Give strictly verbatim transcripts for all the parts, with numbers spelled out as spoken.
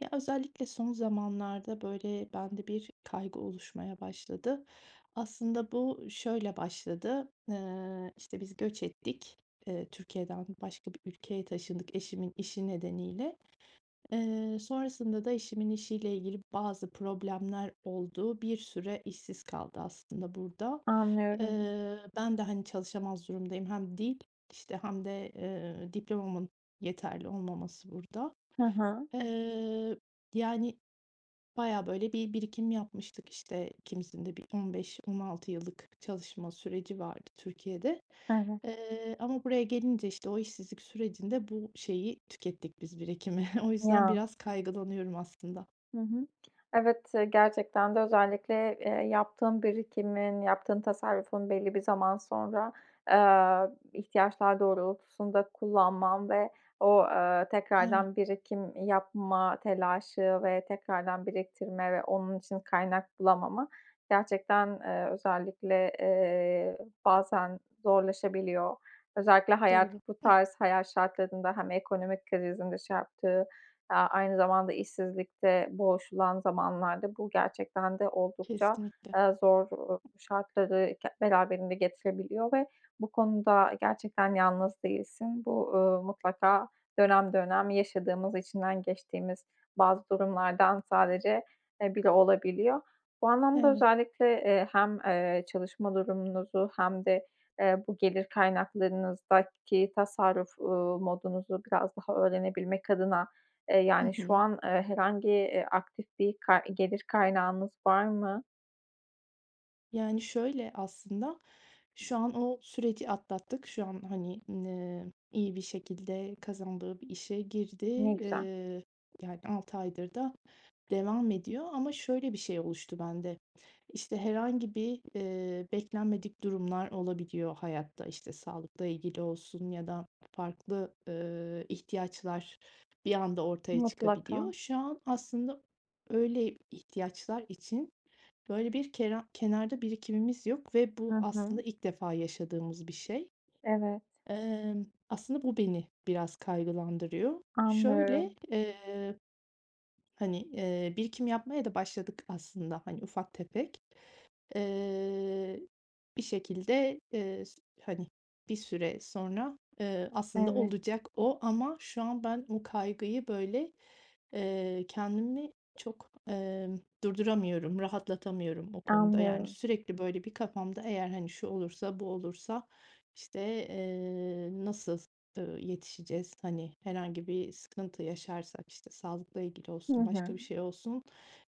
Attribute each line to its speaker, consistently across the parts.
Speaker 1: Ya, özellikle son zamanlarda, böyle, bende bir kaygı oluşmaya başladı. Aslında bu şöyle başladı. Eee, işte, biz göç ettik. Eee, Türkiye'den başka bir ülkeye taşındık eşimin işi nedeniyle. Eee, sonrasında da eşimin işiyle ilgili bazı problemler oldu. Bir süre işsiz kaldı aslında burada.
Speaker 2: Anlıyorum.
Speaker 1: Eee, ben de, hani, çalışamaz durumdayım. Hem dil işte hem de, eee, diplomamın yeterli olmaması burada.
Speaker 2: Hı hı.
Speaker 1: Eee, yani, bayağı, böyle, bir birikim yapmıştık, işte, ikimizin de bir on beş on altı yıllık çalışma süreci vardı Türkiye'de.
Speaker 2: Evet.
Speaker 1: Eee, ama buraya gelince işte, o işsizlik sürecinde bu şeyi tükettik biz birikimi. O yüzden
Speaker 2: Ya!
Speaker 1: biraz kaygılanıyorum aslında.
Speaker 2: Hı hı. Evet, gerçekten de özellikle, eee, yaptığın birikimin, yaptığın tasarrufun belli bir zaman sonra, aaa, ihtiyaçlar doğrultusunda kullanman ve o, ııı,
Speaker 1: Evet.
Speaker 2: tekrardan birikim yapma telaşı ve tekrardan biriktirme ve onun için kaynak bulamama gerçekten, eee, özellikle, eee, bazen zorlaşabiliyor. Özellikle hayat
Speaker 1: Doğru.
Speaker 2: bu
Speaker 1: Hıh.
Speaker 2: tarz hayat şartlarında hem ekonomik krizin de şey yaptığı, aaa, aynı zamanda işsizlikte boğuşulan zamanlarda bu gerçekten de oldukça,
Speaker 1: Kesinlikle.
Speaker 2: aaa, zor, uuu, şartları ge beraberinde getirebiliyor ve bu konuda gerçekten yalnız değilsin. Bu, uuu, mutlaka dönem dönem yaşadığımız, içinden geçtiğimiz bazı durumlardan sadece e biri olabiliyor. Bu anlamda
Speaker 1: Evet.
Speaker 2: özellikle, eee, hem, eee, çalışma durumunuzu hem de, eee, bu gelir kaynaklarınızdaki tasarruf, uuu, modunuzu biraz daha öğrenebilmek adına, eee,
Speaker 1: Hı
Speaker 2: yani, şu
Speaker 1: hı.
Speaker 2: an herhangi, iii, aktif bir ka gelir kaynağınız var mı?
Speaker 1: Yani, şöyle aslında, şu an o süreci atlattık, şu an, hani, emm, iyi bir şekilde kazandığı bir işe girdi.
Speaker 2: Ne güzel.
Speaker 1: Eee, yani, altı aydır da devam ediyor ama şöyle bir şey oluştu bende: İşte, herhangi bir, eee, beklenmedik durumlar olabiliyor hayatta, işte, sağlıkla ilgili olsun ya da farklı, ııı, ihtiyaçlar bir anda ortaya
Speaker 2: Mutlaka.
Speaker 1: çıkabiliyor. Şu an aslında öyle ihtiyaçlar için, böyle, bir kenar kenarda birikimimiz yok ve bu
Speaker 2: Hı
Speaker 1: aslında
Speaker 2: hı.
Speaker 1: ilk defa yaşadığımız bir şey.
Speaker 2: Evet.
Speaker 1: Emm, aslında bu beni biraz kaygılandırıyor. Şöyle,
Speaker 2: Anlıyorum
Speaker 1: eee, hani, eee, birikim yapmaya da başladık aslında, hani, ufak tefek. Eee, bir şekilde, eee, s hani, bir süre sonra, eee, aslında
Speaker 2: Evet.
Speaker 1: olacak o ama şu an ben bu kaygıyı, böyle eee, kendimi çok, emm, durduramıyorum, rahatlatamıyorum o konuda. Yani,
Speaker 2: Anlıyorum.
Speaker 1: sürekli, böyle, bir kafamda eğer, hani, "Şu olursa bu olursa, işte, eee, nasıl, ııı, yetişeceğiz? Hani, herhangi bir sıkıntı yaşarsak, işte, sağlıkla ilgili
Speaker 2: Hı
Speaker 1: olsun başka
Speaker 2: hı.
Speaker 1: bir şey olsun,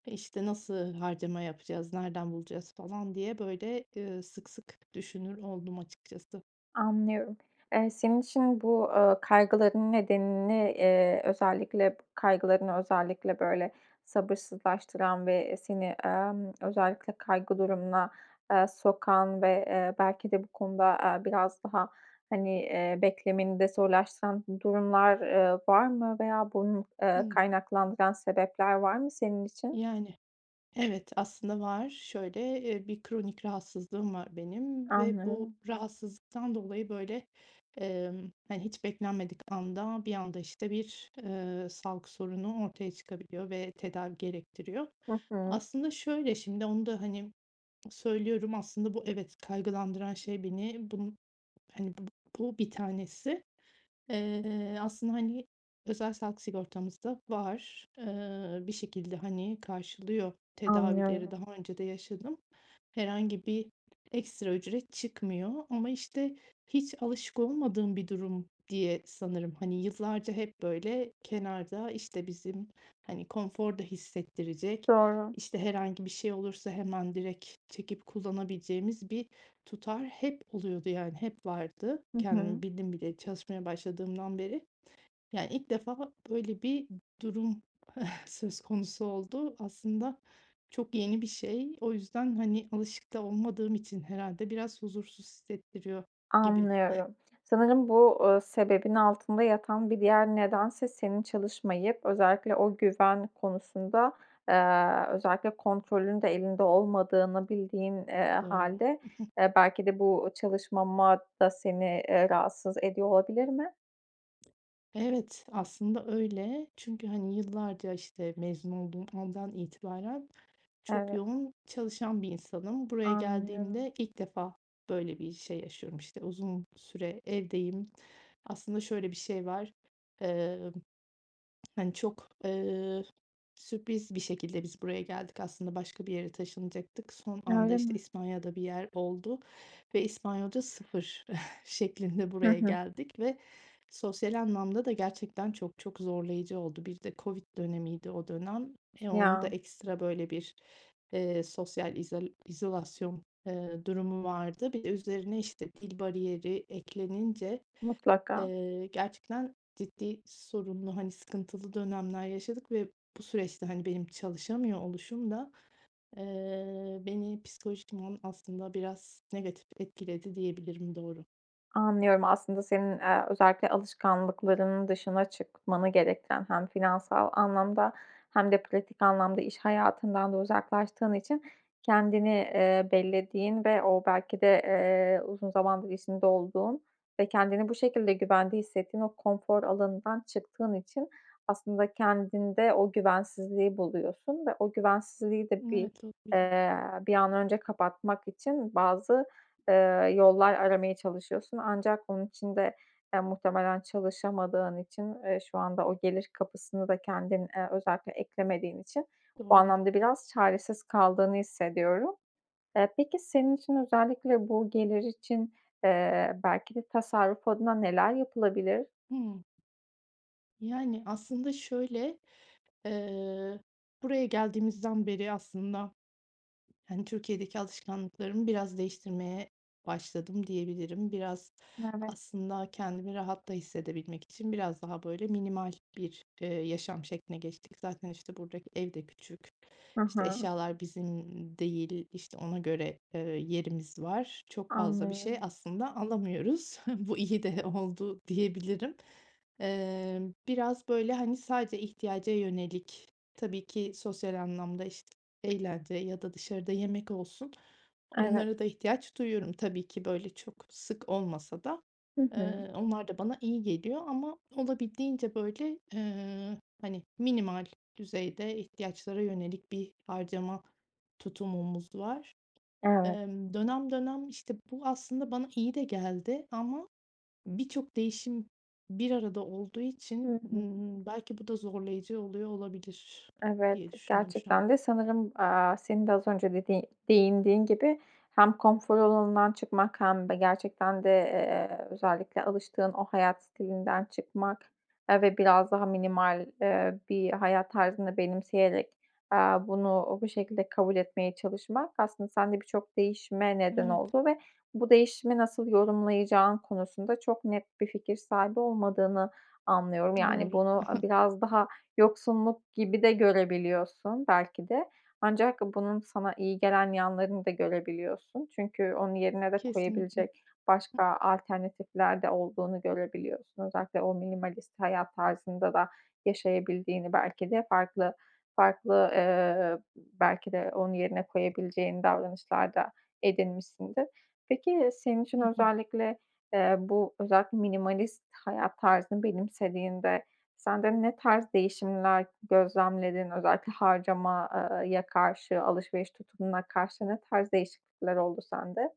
Speaker 1: işte, nasıl harcama yapacağız? Nereden bulacağız?" falan diye, böyle, ııı, sık sık düşünür oldum açıkçası.
Speaker 2: Anlıyorum. Eee, senin için bu, ııı, kaygıların nedenini, eee, özellikle p kaygılarını özellikle, böyle, sabırsızlaştıran ve seni, emm, özellikle kaygı durumuna, eee, sokan ve, eee, belki de bu konuda, eee, biraz daha, hani, eee, beklemeni de zorlaştıran durumlar, eee, var mı veya bunu, eee,
Speaker 1: Hımm.
Speaker 2: kaynaklandıran sebepler var mı senin için?
Speaker 1: Yani. Evet, aslında var şöyle, eee, bir kronik rahatsızlığım var benim ve bu
Speaker 2: Anlıyorum.
Speaker 1: rahatsızlıktan dolayı, böyle, emm, hani, hiç beklenmedik anda bir anda, işte, bir, eee, sağlık sorunu ortaya çıkabiliyor ve tedavi gerektiriyor.
Speaker 2: Hı hı.
Speaker 1: Aslında şöyle şimdi onu da hani, söylüyorum aslında bu evet kaygılandıran şey beni bunun, hani, bu bu bir tanesi. Eee, aslında, hani, özel sağlık sigortamız da var. Eee, bir şekilde, hani, karşılıyor tedavileri
Speaker 2: Anlıyorum.
Speaker 1: daha önce de yaşadım. Herhangi bir ekstra ücret çıkmıyor ama işte, hiç alışık olmadığım bir durum diye sanırım, hani, yıllarca hep, böyle, kenarda, işte, bizim, hani, konforda hissettirecek,
Speaker 2: Doğru.
Speaker 1: işte, herhangi bir şey olursa hemen direk çekip kullanabileceğimiz bir tutar hep oluyordu, yani, hep vardı
Speaker 2: Hı hı.
Speaker 1: kendimi bildim bileli çalışmaya başladığımdan beri. Yani, ilk defa böyle bir durum söz konusu oldu. Aslında çok yeni bir şey. O yüzden, hani, alışık da olmadığım için herhâlde biraz huzursuz hissettiriyor gibi.
Speaker 2: Anlıyorum. Sanırım bu, ııı, sebebin altında yatan bir diğer nedense senin çalışmayıp özellikle o güven konusunda, eee, özellikle kontrolün de elinde olmadığını bildiğin, eee,
Speaker 1: Doğru.
Speaker 2: hâlde, eee, belki de bu çalışmamak da seni, eee, rahatsız ediyor olabilir mi?
Speaker 1: Evet, aslında öyle. Çünkü, hani, yıllarca, işte, mezun olduğum andan itibaren çok
Speaker 2: Eve
Speaker 1: yoğun çalışan bir insanım. Buraya
Speaker 2: Anlıyorum.
Speaker 1: geldiğimde ilk defa böyle bir şey yaşıyorum, işte, uzun süre evdeyim. Aslında şöyle bir şey var. Emm, hani, çok, eee, sürpriz bir şekilde biz buraya geldik, aslında başka bir yere taşınacaktık. Son anda,
Speaker 2: Öyle
Speaker 1: işte,
Speaker 2: mi?
Speaker 1: İspanya'da bir yer oldu ve İspanyolca sıfır şeklinde
Speaker 2: Hı
Speaker 1: buraya
Speaker 2: hı.
Speaker 1: geldik ve sosyal anlamda da gerçekten çok çok zorlayıcı oldu. Bir de COVID dönemiydi o dönem. E, onun da
Speaker 2: Ya.
Speaker 1: ekstra böyle bir, ııı, sosyal izal izolasyon, ııı, durumu vardı. Bir de üzerine, işte, dil bariyeri eklenince,
Speaker 2: Mutlaka.
Speaker 1: ııı, gerçekten ciddi sorunlu, hani, sıkıntılı dönemler yaşadık ve bu süreçte, hani, benim çalışamıyor oluşum da, eee, beni psikolojikman aslında biraz negatif etkiledi diyebilirim, doğru.
Speaker 2: Anlıyorum. Aslında senin, aaa, özellikle alışkanlıklarının dışına çıkmanı gerektiren hem finansal anlamda hem de pratik anlamda iş hayatından da uzaklaştığın için kendini, ııı, bellediğin ve o belki de, ııı, uzun zamandır içinde olduğun ve kendini bu şekilde güvende hissettiğin o konfor alanından çıktığın için aslında kendinde o güvensizliği buluyorsun ve o güvensizliği de bir,
Speaker 1: Evet, olabilir.
Speaker 2: ııı, bir an önce kapatmak için bazı, ııı, yollar aramaya çalışıyorsun. Ancak bunun için de, eee, muhtemelen çalışamadığın için, ııı, şu anda o gelir kapısını da kendin, ııı, özellikle eklemediğin için bu
Speaker 1: Doğru.
Speaker 2: anlamda biraz çaresiz kaldığını hissediyorum. Iıı, peki, senin için özellikle bu gelir için, ııı, belki de tasarruf adına neler yapılabilir?
Speaker 1: Hıı. Yani, aslında şöyle, ııı, buraya geldiğimizden beri aslında, hani, Türkiye'deki alışkanlıklarımı biraz değiştirmeye başladım diyebilirim. Biraz
Speaker 2: Evet.
Speaker 1: aslında kendimi rahat da hissedebilmek için biraz daha böyle minimal bir, ııı, yaşam şekline geçtik. Zaten, işte, buradaki evde küçük,
Speaker 2: Hı
Speaker 1: işte,
Speaker 2: hı.
Speaker 1: eşyalar bizim, ımm, değil, işte, ona göre, ııı, yerimiz var. Çok fazla bir şey
Speaker 2: Anlıyorum.
Speaker 1: aslında alamıyoruz. Bu iyi de oldu diyebilirim. Imm, biraz böyle, hani, sadece ihtiyaca yönelik tabii ki sosyal anlamda, işte, eğlence ya da dışarıda yemek olsun
Speaker 2: Evet.
Speaker 1: onlara da ihtiyaç duyuyorum tabii ki böyle çok sık olmasa da,
Speaker 2: Hı hı.
Speaker 1: ııı, onlar da bana iyi geliyor ama olabildiğince böyle, ııı, hani, minimal düzeyde ihtiyaçlara yönelik bir harcama tutumumuz var.
Speaker 2: Evet.
Speaker 1: Imm, dönem dönem, işte, bu aslında bana iyi de geldi ama birçok değişim bir arada olduğu
Speaker 2: Hı
Speaker 1: için,
Speaker 2: hı.
Speaker 1: ımm, belki bu da zorlayıcı oluyor olabilir
Speaker 2: Evet.
Speaker 1: diye düşündüm şu an.
Speaker 2: Gerçekten de sanırım, aaa, senin de az önce dediği değindiğin gibi hem konfor alanından çıkmak hem de gerçekten de, eee, özellikle alıştığın o hayat stilinden çıkmak, aaa, ve biraz daha minimal, ııı, bir hayat tarzını benimseyerek, aaa, bunu bu şekilde kabul etmeye çalışmak aslında sende birçok değişime neden
Speaker 1: Evet.
Speaker 2: oldu ve bu değişimi nasıl yorumlayacağın konusunda çok net bir fikir sahibi olmadığını anlıyorum. Yani,
Speaker 1: Doğru.
Speaker 2: bunu biraz daha yoksunluk gibi de görebiliyorsun belki de. Ancak bunun sana iyi gelen yanlarını da görebiliyorsun. Çünkü onun yerine de
Speaker 1: Kesinlikle.
Speaker 2: koyabilecek başka alternatifler de olduğunu görebiliyorsun. Özellikle o minimalist hayat tarzında da yaşayabildiğini belki de farklı, farklı, ııı, belki de onu yerine koyabileceğin davranışlar da edinmişsindir. Peki, senin için
Speaker 1: Hı hı.
Speaker 2: özellikle, ııı, bu özellikle minimalist hayat tarzını benimsediğinde sende ne tarz değişimler gözlemledin? Özellikle harcama eee, ya karşı, alışveriş tutumuna karşı ne tarz değişiklikler oldu sende?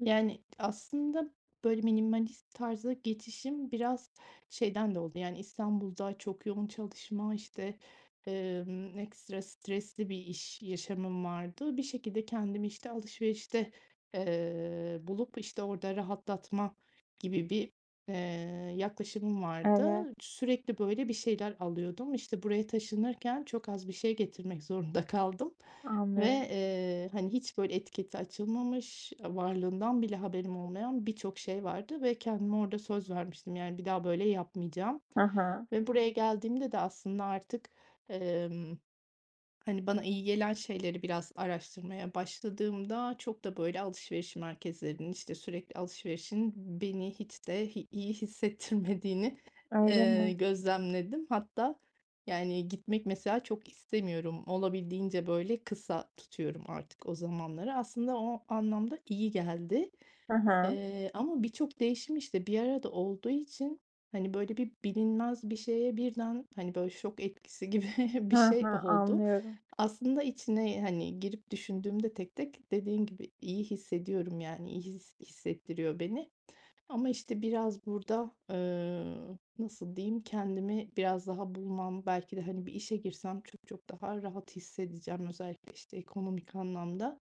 Speaker 1: Yani, aslında, böyle, minimalist tarza geçişim biraz şeyden de oldu, yani, İstanbul'da çok yoğun çalışma, işte, ımm, ekstra stresli bir iş yaşamım vardı. Bir şekilde kendimi, işte, alışverişte, eee, bulup, işte, orada rahatlatma gibi bir, eee, yaklaşımım
Speaker 2: Evet.
Speaker 1: vardı. Sürekli, böyle, bir şeyler alıyordum, işte, buraya taşınırken çok az bir şey getirmek zorunda kaldım ve,
Speaker 2: Anlıyorum.
Speaker 1: eee, hani, hiç, böyle, etiketi açılmamış, ııı, varlığından bile haberim olmayan birçok şey vardı ve kendime orada söz vermiştim, yani, bir daha böyle yapmayacağım
Speaker 2: Hı hı.
Speaker 1: ve buraya geldiğimde de aslında artık, emm, hani, bana iyi gelen şeyleri biraz araştırmaya başladığımda çok da, böyle, alışveriş merkezlerinin, işte, sürekli alışverişin beni hiç de hi iyi hissettirmediğini
Speaker 2: Öyle
Speaker 1: eee,
Speaker 2: mi?
Speaker 1: gözlemledim. Hatta, yani, gitmek mesela çok istemiyorum. Olabildiğince, böyle, kısa tutuyorum artık o zamanları. Aslında o anlamda iyi geldi,
Speaker 2: Hı hı.
Speaker 1: eee, ama birçok değişim, işte, bir arada olduğu için, hani, böyle, bir bilinmez bir şeye birden, hani, böyle, şok etkisi gibi
Speaker 2: Hı
Speaker 1: bir şey
Speaker 2: hı.
Speaker 1: oldu.
Speaker 2: Anlıyorum.
Speaker 1: Aslında içine, hani, girip düşündüğümde tek tek dediğin gibi iyi hissediyorum, yani, iyi hi hissettiriyor beni ama, işte, biraz burada, eee, nasıl diyeyim, kendimi biraz daha bulmam belki de, hani, bir işe girsem çok çok daha rahat hissedeceğim özellikle, işte, ekonomik anlamda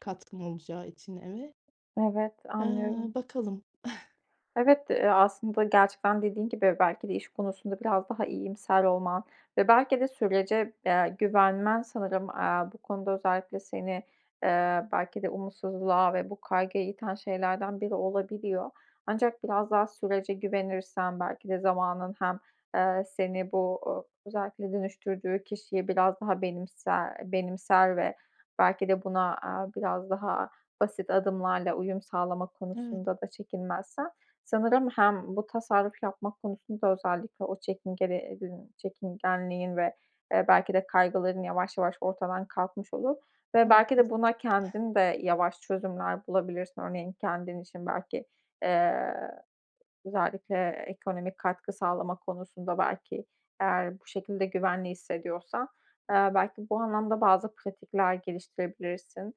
Speaker 1: katkım olacağı için eve.
Speaker 2: Evet,
Speaker 1: Eee,
Speaker 2: anlıyorum.
Speaker 1: bakalım.
Speaker 2: Evet, eee, aslında gerçekten dediğin gibi belki de iş konusunda biraz daha iyimser olman ve belki de sürece, eee, güvenmen sanırım, eee, bu konuda özellikle seni, eee, belki de umutsuzluğa ve bu kaygıya iten şeylerden biri olabiliyor. Ancak biraz daha sürece güvenirsen belki de zamanın hem, eee, seni bu, ııı, özellikle dönüştürdüğü kişiyi biraz daha benimse benimser ve belki de buna, aaa, biraz daha basit adımlarla uyum sağlama
Speaker 1: Evet.
Speaker 2: konusunda da çekinmezsen sanırım hem bu tasarruf yapmak konusunda özellikle o çekingeli edin çekingenliğin ve, eee, belki de kaygıların yavaş yavaş ortadan kalkmış olur ve belki de
Speaker 1: Haklısın.
Speaker 2: buna kendin de yavaş çözümler bulabilirsin. Örneğin kendin için belki, eee, özellikle ekonomik katkı sağlama konusunda belki eğer bu şekilde güvenli hissediyorsan. Eee, belki bu anlamda bazı pratikler geliştirebilirsin.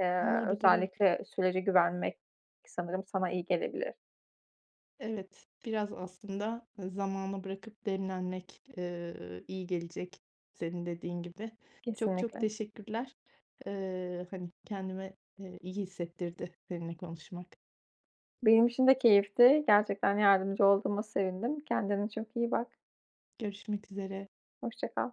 Speaker 2: Eee,
Speaker 1: Olabilir, evet.
Speaker 2: özellikle sürece güvenmek k sanırım sana iyi gelebilir.
Speaker 1: Evet, biraz aslında zamana bırakıp demlenmek, eee, iyi gelecek senin dediğin gibi. Çok çok
Speaker 2: Kesinlikle.
Speaker 1: teşekkürler. Eee, hani, kendimi, eee, iyi hissettirdi seninle konuşmak.
Speaker 2: Benim için de keyifti. Gerçekten yardımcı olduğuma sevindim. Kendine çok iyi bak.
Speaker 1: Görüşmek üzere.
Speaker 2: Hoşça kal.